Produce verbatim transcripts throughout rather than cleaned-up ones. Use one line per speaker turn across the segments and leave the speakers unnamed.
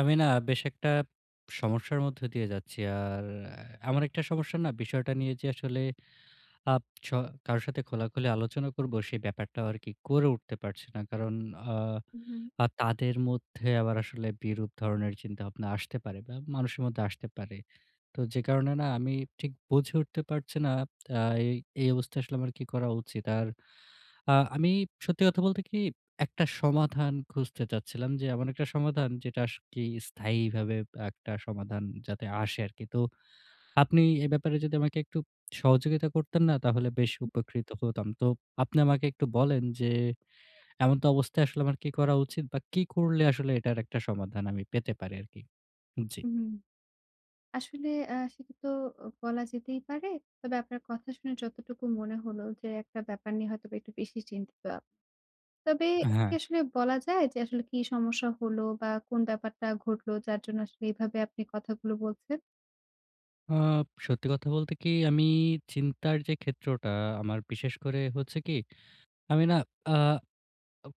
আমি না বেশ একটা সমস্যার মধ্যে দিয়ে যাচ্ছি। আর আ এমন একটা সমস্যা না বিষয়টা নিয়ে যে আসলে আব স কারো সাথে খোলাখুলি আলোচনা করব সে ব্যাপারটাও আরকি করে উঠতে পারছি না। কারণ আ
হু হুম।
আ তাদের মধ্যে আবার আসলে বিরূপ ধরনের চিন্তাভাবনা আসতে পারে বা মানুষের মধ্যে আসতে পারে। তো যে কারণে না আমি ঠিক বুঝে উঠতে পারছি না আ এই এই অবস্থায় আসলে আমার কি করা উচিত? আর আ আমি সত্যি কথা বলতে কি একটা সমাধান খুঁজতে চাচ্ছিলাম যে এমন একটা সমাধান যেটা সত্যিই স্থায়ীভাবে ব একটা সমাধান যাতে আসে আরকি। তো আপনি এ ব্যাপারে যদি আমাকে একটু সহযোগিতা করতেন না তাহলে বেশি
হুম।
উপকৃত হতাম। তো আপনি আমাকে একটু বলেন, যে এমন্ত অবস্থায় আসলে আমার কি করা উচিত? বা কি করলে আসলে এটার একটা সমাধান আমি পেতে পারি আরকি? জি।
হু, হু, হু। আসলে আ সেটা তো অ বলা যেতেই পারে। তবে আপনার কথা শুনে যতটুকু মনে হলো, যে একটা ব্যাপার নিয়ে হয়তোবা একটু বেশি চিন্তিত আপ তবে এটা কি
হ্যাঁ।
আসলে বলা যায় যে আসলে কি সমস্যা হলো বা কোন ব্যাপারটা ঘটলো যার জন্য আসলে এভাবে আপনি কথাগুলো বলছেন?
আপ সত্যি কথা বলতে কি, আমি চিন্তার যে ক্ষেত্রটা আমার বিশেষ করে হচ্ছে কি, আমি না আ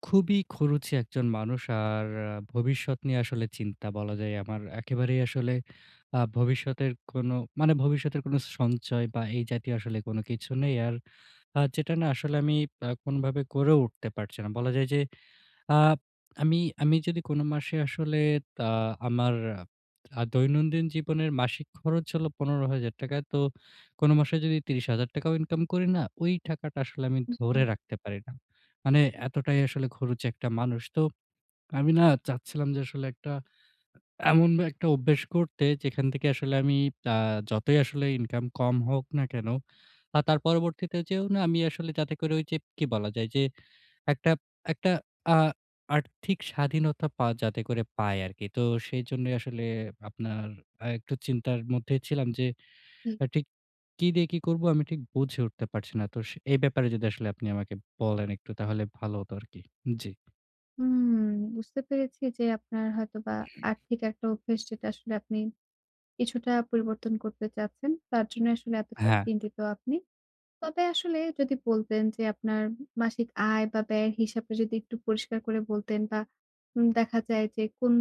খুবই খরুচে একজন মানুষ। আর আ ভবিষ্যৎ নিয়ে আসলে চিন্তা বলা যায়, আমার একেবারেই আসলে আ ভবিষ্যতের কোনো, মানে, ভবিষ্যতের কোনো সঞ্চয় বা এই জাতীয় আসলে কোনো কিছু নেই। আর আ যেটা না আসলে আমি আ কোনোভাবে করেও উঠতে পারছি না। বলা যায় যে, আপ আমি, আমি যদি কোন মাসে আসলে আ আমার আ দৈনন্দিন জীবনের মাসিক খরচ হলো পনেরো হাজার টাকা। তো, কোনো মাসে যদি ত্রিশ হাজার টাকাও ইনকামও করি না, ওই টাকাটা আসলে আমি
হুম
ধরে
হুম।
রাখতে পারি না। মানে এতটাই আসলে খরুচে একটা মানুষ। তো, আমি না চাচ্ছিলাম, যে আসলে একটা এমন একটা অভ্যেস করতে, যেখান থেকে আসলে আমি আ যতই আসলে ইনকাম কম হোক না কেনো, আ তার পরবর্তীতে যেয়েও না আমি আসলে যাতে করে ওই যে, কি বলা যায়? যে একটা একটা আ আর্থিক স্বাধীনতা পা যাতে করে পায় আরকি। তো সেইজন্যই আসলে, আপনার আ একটু চিন্তার মধ্যেই ছিলাম, যে
ঠিক।
এ ঠিক কী দিয়ে কি করবো? আমি ঠিক বুঝে উঠতে পারছি না। তো, সে এ ব্যাপারে যদি আসলে আপনি আমাকে বলেন একটু তাহলে ভালো হতো আরকি। উম জী।
হুম, বুঝতে পেরেছি যে আপনার হয়তোবা আর্থিক একটা অভ্যেস, যেটা আসলে আপনি কিছুটা পরিবর্তন করতে চাচ্ছেন। তার জন্যই আসলে এতটা
আ-হ্যাঁ।
চিন্তিত আপনি। তবে আসলে যদি বলতেন, যে আপনার উম মাসিক আয় বা ব্যয়ের হিসাবটা যদি একটু পরিষ্কার করে বলতেন বা উম দেখা যায় যে কোন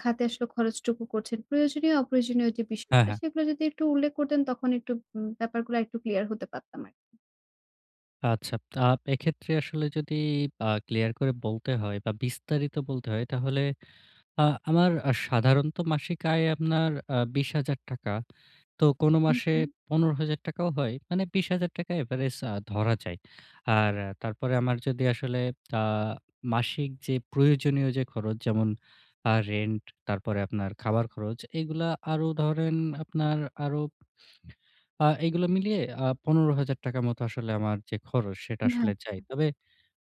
খাতে আসলে খরচটুকু করছেন। প্রয়োজনীয় অপ্রয়োজনীয় যে
হ্যাঁ,
বিষয়টা,
হ্যাঁ।
সেগুলা যদি একটু উল্লেখ করতেন তখন একটু উম ব্যাপারগুলো আরেকটু ক্লিয়ার হতে পারতাম আরকি।
আচ্ছা, আ এক্ষেত্রে আসলে যদি আ ক্লিয়ার করে বলতে হয় বা বিস্তারিত বলতে হয় তাহলে, আ আমার সাধারণত মাসিক আয় আপনার আ বিশ হাজার টাকা। তো কোন
হুম,
মাসে
হুম।
পনেরো হাজার টাকাও হয়। মানে বিশ হাজার টাকা এভারেজ আ ধরা যায়। আর আ তারপরে আমার যদি আসলে, আ মাসিক যে প্রয়োজনীয় যে খরচ যেমন; আ রেন্ট, তারপরে আপনার খাওয়ার খরচ, এইগুলো আরো ধরেন আপনার আরো আ এইগুলো মিলিয়ে আ পনেরো হাজার টাকার মতো আসলে আমার যে খরচ সেটা আসলে যায়।
[unintelligible]
তবে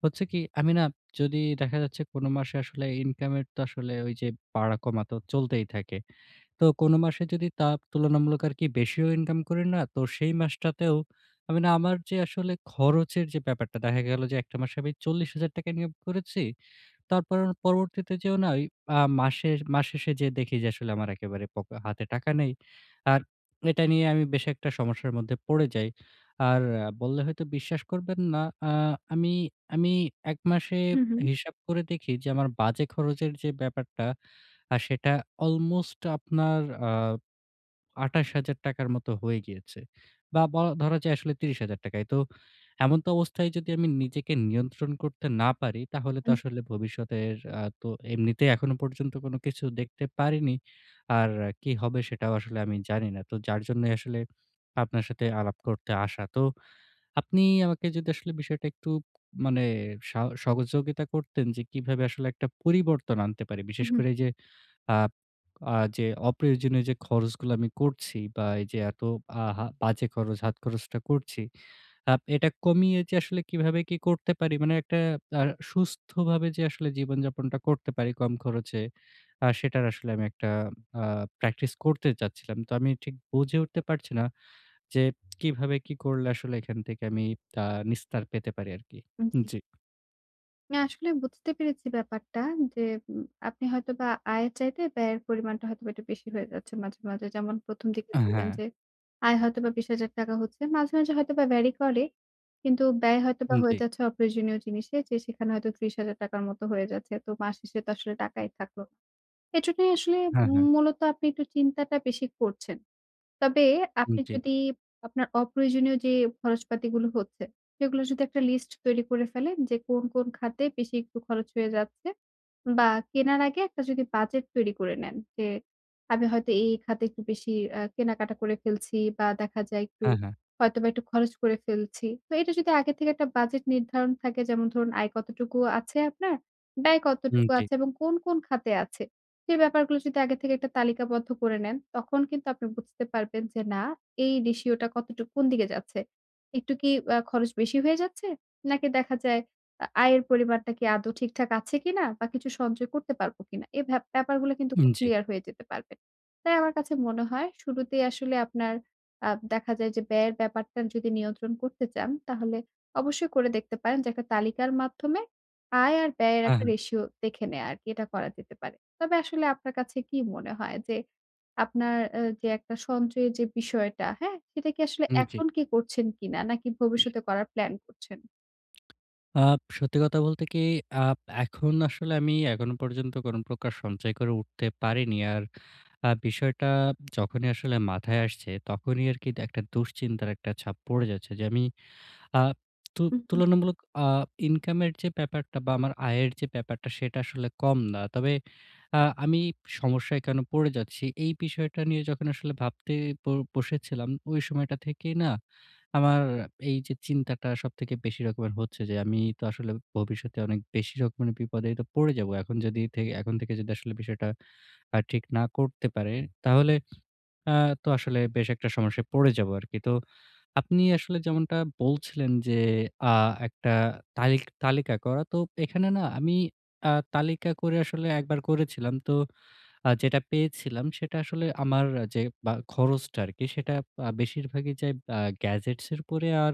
হচ্ছে কি, আমি না যদি দেখা যাচ্ছে কোন মাসে আসলে ইনকাম এর তো আসলে ঐযে বাড়া কমাতে চলতেই থাকে। তো কোন মাসে যদি তাপ তুলনামূলক আরকি বেশিও ইনকাম করি না, তো সেই মাসটাতেও আমি না আমার যে আসলে খরচের যে ব্যাপারটা। দেখা গেল যে এক টা মাসে আমি চল্লিশ হাজার টাকা ইনকাম করেছি। তারপর পরবর্তীতে যেয়েও না ওই আ মাসের মাস শেষে যেয়ে দেখি যে আসলে আমার একেবারে পকে হাতে টাকা নেই। আর এটা নিয়ে আমি বেশ একটা সমস্যার মধ্যে পড়ে যাই। আর বললে হয়তো বিশ্বাস করবেন না। আ আমি আমি এক মাসে
হু, হু।
হিসাব করে দেখি, যে আমার বাজে খরচের যে ব্যাপারটা, আ সেটা অলমোস্ট আপনার, আ আঠাশ হাজার টাকার মতো হয়ে গিয়েছে। বা বলা ধরা যায় আসলে ত্রিশ হাজার টাকাই। তো এমন তো অবস্থায়, যদি আমি নিজেকে নিয়ন্ত্রণ করতে না পারি, তাহলে তো
আ-জি।
আসলে ভবিষ্যতের আ তো এমনিতেই এখনো পর্যন্ত কোন কিছু দেখতে পারিনি। আর কী হবে সেটাও আসলে আমি জানি না। তো যার জন্যই আসলে আপনার সাথে আলাপ করতে আসা। তো আপনি আমাকে যদি আসলে বিষয়টা একটু, মানে সাও সহযোগিতা করতেন, যে কিভাবে আসলে একটা পরিবর্তন আনতে পারি? বিশেষ করে
উম-হুম।
এই যে আ আ যে অপ্রয়োজনীয় যে খরচগুলো আমি করছি বা এইযে এত আহা বাজে খরচ হাত খরচটা করছি। আপ এটা কমিয়ে যে আসলে কিভাবে কি করতে পারি? মানে একটা আ সুস্থভাবে যে আসলে জীবনযাপনটা করতে পারি কম খরচে, আ সেটার আসলে আমি একটা আ প্র্যাকটিস করতে চাচ্ছিলাম। তো আমি ঠিক বুঝে উঠতে পারছি না, যে কিভাবে, কি করলে আসলে এখান থেকে আমি আ নিস্তার পেতে পারি আরকি?
হুম, জি।
উম-জি।
না আসলে বুঝতে পেরেছি ব্যাপারটা, যে উম আপনি হয়তোবা আয়ের চাইতে ব্যয়ের পরিমাণটা হয়তোবা একটু বেশি হয়ে যাচ্ছে মাঝে, মাঝে। যেমন প্রথম দিকে
আ
বললেন
হ্যাঁ।
যে, আয় হয়তোবা বিশ হাজার টাকা হচ্ছে। মাঝে, মাঝে হয়তোবা ভ্যারি করে। কিন্তু ব্যয় হয়তোবা হয়ে
উম-জি।
যাচ্ছে অপ্রয়োজনীয় জিনিসে, যে সেখানে হয়তো ত্রিশ হাজার টাকার মত হয়ে যাচ্ছে। তো মাস শেষে তো আসলে টাকাই থাকলো। এজন্যই আসলে,
হ্যাঁ, হ্যাঁ।
মূলত আপনি একটু চিন্তাটা বেশি করছেন। তবে আপনি
উম-জী।
যদি আপনার অপ্রয়োজনীয় যে খরচপাতিগুলো হচ্ছে, সেগুলোর যদি একটা লিস্ট তৈরি করে ফেলেন যে কোন, কোন খাতে বেশি একটু খরচ হয়ে যাচ্ছে। বা কেনার আগে একটা যদি বাজেট তৈরি করে নেন, যে আমি হয়তো এই, এই খাতে একটু বেশি অ্যা কেনাকাটা করে ফেলছি বা দেখা যায় একটু
হ্যাঁ, হ্যাঁ।
হয়তোবা একটু খরচ করে ফেলছি। তো এইটা যদি আগের থেকে একটা বাজেট নির্ধারণ থাকে যেমন ধরুন আয় কতটুকু আছে আপনার, ব্যয় কতটুকু
উম-জি।
আছে এবং কোন, কোন খাতে আছে? সে ব্যাপারগুলো যদি আগে থেকে একটা তালিকাবদ্ধ করে নেন, তখন কিন্তু আপনি বুঝতে পারবেন যে না, এই রেশিও টা কতটুক, কোন দিকে যাচ্ছে? একটু কি অ্যা খরচ বেশি হয়ে যাচ্ছে? নাকি দেখা যায় আ আয়ের পরিমাণটা কি আদৌ ঠিকঠাক আছে কিনা? বা কিছু সঞ্চয় করতে পারব কিনা? এই ভ্যা ব্যাপারগুলো কিন্তু খুব
উম-জি।
ক্লিয়ার হয়ে যেতে পারবেন। তাই আমার কাছে মনে হয়, শুরুতেই আসলে আপনার, আ দেখা যায় যে ব্যয়ের ব্যাপারটা যদি নিয়ন্ত্রণ করতে চান, তাহলে অবশ্যই করে দেখতে পারেন। যে একটা তালিকার মাধ্যমে, আয় আর ব্যয়ের
হ্যাঁ,
একটা
হ্যাঁ।
রেশিও দেখে নেয়া আরকি। এটা করা যেতে পারে। তবে আসলে আপনার কাছে কি মনে হয় যে আপনার অ্যা যে একটা সঞ্চয়ের যে বিষয়টা, হ্যাঁ? সেটা কি আসলে
উম-জি।
এখন কি করছেন কিনা? নাকি ভবিষ্যতে করার প্ল্যান করছেন?
আব সত্যি কথা বলতে কি আব এখন আসলে আমি এখনো পর্যন্ত কোন প্রকার সঞ্চয় করে উঠতে পারিনি। আর আ বিষয়টা যখনই আসলে মাথায় আসছে তখনই আরকি এটা একটা দুশ্চিন্তার একটা ছাপ পড়ে যাচ্ছে। যে আমি আ তু
হুম, হুম।
তুলনামূলক আ ইনকামের যে ব্যাপারটা বা আমার আয়ের যে ব্যাপারটা সেটা আসলে কম না। তবে আ আমি সমস্যায় কেন পড়ে যাচ্ছি? এই বিষয়টা নিয়ে যখন আসলে ভাবতে ব বসেছিলাম ওই সময়টা থেকেই না, আমার এই যে চিন্তাটা সবথেকে বেশি রকমের হচ্ছে যে আমি তো আসলে ভবিষ্যতে অনেক বেশি রকমের বিপদেই তো পড়ে যাব। এখন যদি থে এখন থেকে যদি আসলে বিষয়টা আ ঠিক না করতে পারে, তাহলে আ তো আসলে বেশ একটা সমস্যায় পড়ে যাবো আরকি। তো আপনি আসলে যেমনটা বলছিলেন যে আ একটা তালিক তালিকা করা। তো এখানে না আমি আ তালিকা করে আসলে এক বার করেছিলাম। তো আ যেটা পেয়েছিলাম সেটা আসলে আমার যে বা খরচটা আরকি সেটা বা বেশিরভাগই যায় বআ গ্যাজেটস এর উপরে। আর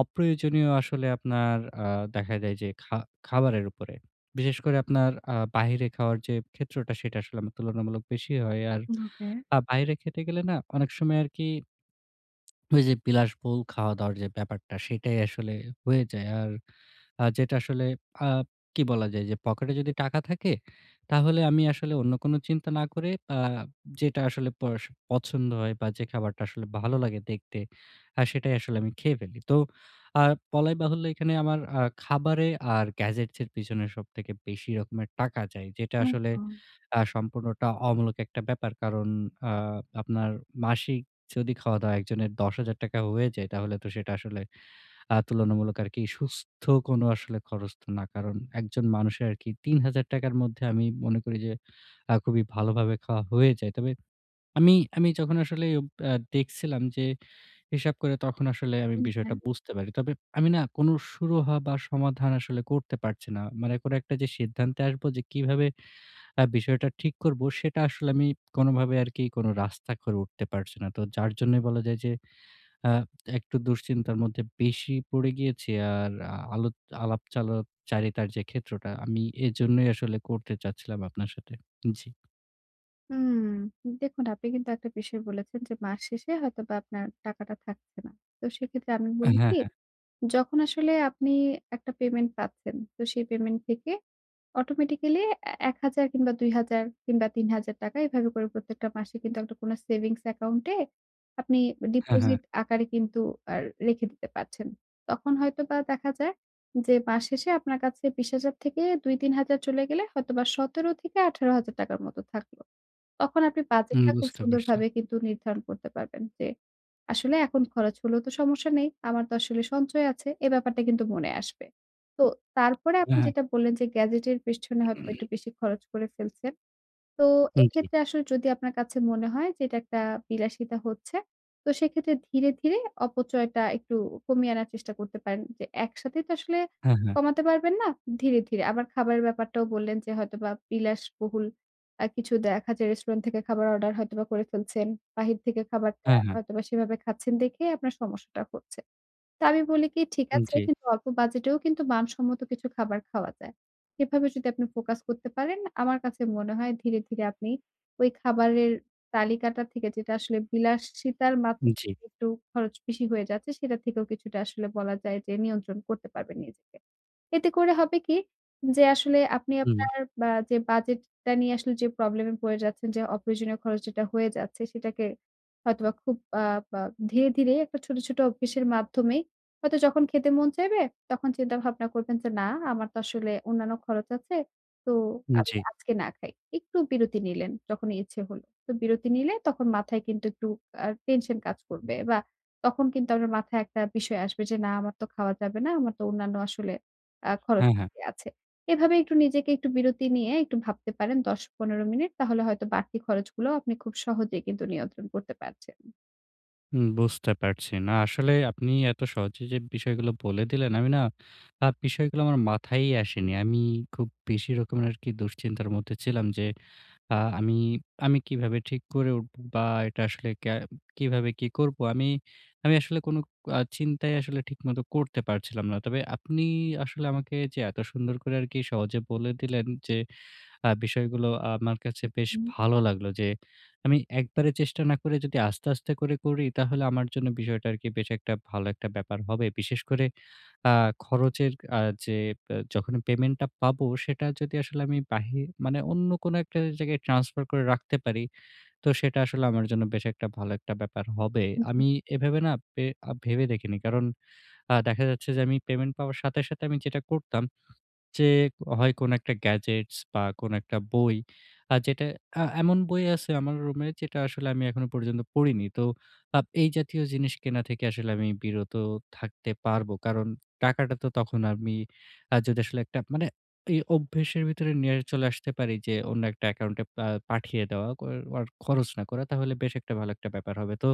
অপ্রয়োজনীয় আসলে আপনার আ দেখা যায় যে খা খাবারের উপরে। বিশেষ করে আপনার আ বাহিরে খাওয়ার যে ক্ষেত্রটা সেটা আসলে আমার তুলনামূলক বেশি হয়। আর
হুম, ওকে।
আ বাইরে খেতে গেলে না অনেক সময় আরকি ওই যে বিলাসবহুল খাওয়া-দাওয়ার যে ব্যাপারটা সেইটাই আসলে হয়ে যায়। আর আ যেটা আসলে আব কি বলা যায় যে পকেটে যদি টাকা থাকে, তাহলে আমি আসলে অন্য কোন চিন্তা না করে আ যেটা আসলে পড়শো পছন্দ হয় বা যে খাবারটা আসলে ভালো লাগে দেখতে, আ সেটাই আসলে আমি খেয়ে ফেলি। তো আ বলাই বাহুল্য এখানে আমার আ খাবারে আর গ্যাজেটস এর পিছনে সবথেকে বেশি রকমের টাকা যায়। যেটা
হুম,
আসলে
হুম।
আ সম্পূর্ণটা অমূলক একটা ব্যাপার। কারণ আ আপনার মাসিক যদি খাওয়া-দাওয়া একজনের দশ হাজার টাকায়ও হয়ে যায় তাহলে তো সেটা আসলে আ তুলনামূলক আরকি সুস্থ কোন আসলে খরচ তো না। কারণ একজন মানুষের আরকি তিন হাজার টাকার মধ্যে আমি মনে করি যে আ খুবই ভালোভাবে খাওয়া হয়ে যায়। তবে আমি, আমি যখন আসলে ওব আ দেখছিলাম যে হিসাব করে তখন আসলে আমি
হুম,
বিষয়টা
হ্যাঁ।
বুঝতে পারি। তবে আমি না কোনো সুরহা বা সমাধান আসলে করতে পারছি না। মানে কোন একটা যে সিদ্ধান্তে আসবো যে কিভাবে আ বিষয়টা ঠিক করব, সেটা আসলে আমি কোনোভাবে আরকি কোন রাস্তা করে উঠতে পারছি না। তো যার জন্যই বলা যায় যে আ একটু দুশ্চিন্তার মধ্যে বেশি পড়ে গিয়েছি। আর আ আলত আলাপ চালাপ চারিতার যে ক্ষেত্রটা আমি এজন্যই আসলে করতে চাচ্ছিলাম আপনার সাথে। জ্বি।
হুম, দেখুন আপনি কিন্তু একটা বিষয় বলেছেন, যে মাস শেষে হয়তোবা আপনার টাকাটা থাকছে না। তো সেক্ষেত্রে আমি
অ্যা
বলি
হ্যাঁ,
কি,
হ্যাঁ।
যখন আসলে আপনি একটা পেমেন্ট পাচ্ছেন, তো সেই পেমেন্ট থেকে অটোমেটিক্যালি অ্যা এক হাজার, কিংবা দুই হাজার, কিংবা তিন হাজার টাকা এভাবে করে প্রত্যেকটা মাসে কিন্তু, একটা কোন সেভিংস account এ আপনি
হ্যাঁ, হ্যাঁ।
ডিপোজিট আকারে কিন্তু, আর রেখে দিতে পারছেন। তখন হয়তোবা দেখা যায়, যে মাস শেষে আপনার কাছে বিশ হাজার থেকে, দুই তিন হাজার চলে গেলে হয়তোবা সতের থেকে আঠারো হাজার টাকার মতো থাকলো। তখন আপনি
উম
বাজেটটা খুব
বুঝতে পারছি।
সুন্দরভাবেই কিন্তু নির্ধারণ করতে পারবেন যে, আসলে এখন খরচ হলেও তো সমস্যা নেই। আমার তো আসলে সঞ্চয় আছে। এ ব্যাপারটা কিন্তু মনে আসবে। তো তারপরে আপনি
হ্যাঁ, হ্যাঁ।
যেটা বললেন যে গ্যাজেটের পেছনে হয়তোবা একটু বেশি খরচ করে ফেলছেন। তো
উম জি।
এক্ষেত্রে আসলে যদি আপনার কাছে মনে হয় যে এটা একটা বিলাসিতা হচ্ছে, তো সেক্ষেত্রে ধীরে, ধীরে অপচয়টা একটু কমিয়ে আনার চেষ্টা করতে পারেন। যে একসাথেই তো আসলে
হ্যাঁ, হ্যাঁ।
কমাতে পারবেন না। ধীরে, ধীরে। আবার খাবারের ব্যাপারটাও বললেন যে হয়তোবা বিলাসবহুল আ কিছু দেখা যায় রেস্টুরেন্ট থেকে খাবার অর্ডার হয়তোবা করে ফেলছেন। বাহির থেকে খাবারটা
হ্যাঁ, হ্যাঁ।
হয়তোবা সেভাবে খাচ্ছেন দেখেই আপনার সমস্যাটা হচ্ছে। তো আমি বলি কি, ঠিক
উম
আছে
জি।
কিন্তু অল্প বাজেটেও কিন্তু মানসম্মত কিছু খাবার খাওয়া যায়। এভাবে যদি আপনি ফোকাস করতে পারেন, আমার কাছে মনে হয় ধীরে, ধীরে আপনি ওই খাবারের তালিকাটা থেকে, যেটা আসলে বিলাসিতার মা
উম জি।
একটু খরচ বেশি হয়ে যাচ্ছে, সেটা থেকেও কিছুটা আসলে বলা যায় যে নিয়ন্ত্রণ করতে পারবেন নিজেকে। এতে করে হবে কি, যে আসলে আপনি
হুম, হুম।
আপনার বা যে বাজেটটা নিয়ে আসলে যে প্রবলেমে পরে যাচ্ছেন। যে, অপ্রয়োজনীয় খরচ যেটা হয়ে যাচ্ছে, সেটাকে হয়তোবা খুব আব আ ধীরে, ধীরেই একটা ছোট, ছোট অভ্যাসের মাধ্যমেই হয়তো যখন খেতে মন চাইবে, তখন চিন্তা ভাবনা করবেন যে, না আমার তো আসলে অন্যান্য খরচ আছে। তো
উম
আমি
জি।
আজকে না খাই। একটু বিরতি নিলেন যখন ইচ্ছে হইল। তো বিরতি নিলে তখন মাথায় কিন্তু একটু আ টেনশন কাজ করবে। বা তখন কিন্তু আপনার মাথায় একটা বিষয় আসবে, যে না আমার তো খাওয়া যাবে না। আমার তো অন্যান্য আসলে আ
হ্যাঁ, হ্যাঁ।
খরচ-পাতি আছে। এভাবে একটু নিজেকে একটু বিরতি নিয়ে একটু ভাবতে পারেন দশ পনেরো মিনিট, তাহলে হয়তো বাড়তি খরচগুলো আপনি খুব সহজেই কিন্তু নিয়ন্ত্রণ করতে পারছেন।
হুম, বুঝতে পারছি। না আসলেই আপনি এত সহজে যে বিষয়গুলো বলে দিলেন, আমি না আ বিষয়গুলো আমার মাথায়ই আসেনি। আমি খুব বেশি রকমের আরকি দুশ্চিন্তার মধ্যে ছিলাম যে, আ আমি আমি কিভাবে ঠিক করে উঠবো? বা এটা আসলে ক্যা কিভাবে কি করবো? আমি আমি আসলে কোনো আ চিন্তাই আসলে ঠিকমত করতে পারছিলাম না। তবে আপনি আসলে আমাকে যে এত সুন্দর করে আরকি সহজে বলে দিলেন যে আ বিষয়গুলো আমার কাছে
হুম,
বেশ
হুম।
ভালো লাগলো যে, আমি একবারে চেষ্টা না করে যদি আস্তে, আস্তে করে করি তাহলে আমার জন্য বিষয়টা আরকি বেশ একটা ভালো একটা ব্যাপার হবে। বিশেষ করে আ খরচের আ যে বে যখনই পেমেন্টটা পাবো, সেটা যদি আসলে আমি বাহির মানে অন্য কোনো একটা জায়গায় ট্রান্সফার করে রাখতে পারি, তো সেটা আসলে আমার জন্য বেশ একটা ভালো একটা ব্যাপার হবে।
জি।
আমি এভাবে না পে আ ভেবে দেখিনি। কারণ আ দেখা যাচ্ছে যে আমি পেমেন্ট পাওয়ার সাথে, সাথে আমি যেটা করতাম, যে হয় কোনো একটা গ্যাজেটস বা কোনো একটা বই আ যেটা আ এমন বই আছে আমার রুমে যেটা আসলে আমি এখনো পর্যন্ত পড়িনি। তো আপ এই জাতীয় জিনিস কেনা থেকে আসলে আমি বিরত থাকতে পারবো। কারণ টাকাটা তো তখন আমি আ যদি আসলে একটা মানে ইয়ে অভ্যেসের ভেতরে নিয়ে চলে আসতে পারি যে অন্য একটা অ্যাকাউন্টে পা পাঠিয়ে দেওয়া কর অর খরচ না করা তাহলে বেশ একটা ভালো একটা ব্যাপার হবে। তো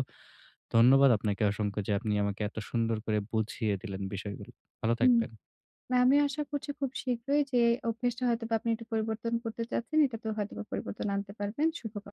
ধন্যবাদ আপনাকে অসংখ্য যে আপনি আমাকে এত সুন্দর করে বুঝিয়ে দিলেন বিষয়গুলো। ভালো
হুম।
থাকবেন।
না, আমি আশা করছি খুব শীঘ্রই যে অভ্যেসটা হয়তোবা আপনি একটু পরিবর্তন করতে চাচ্ছেন, এটাতেও হয়তোবা পরিবর্তন আনতে পারবেন। শুভ কাম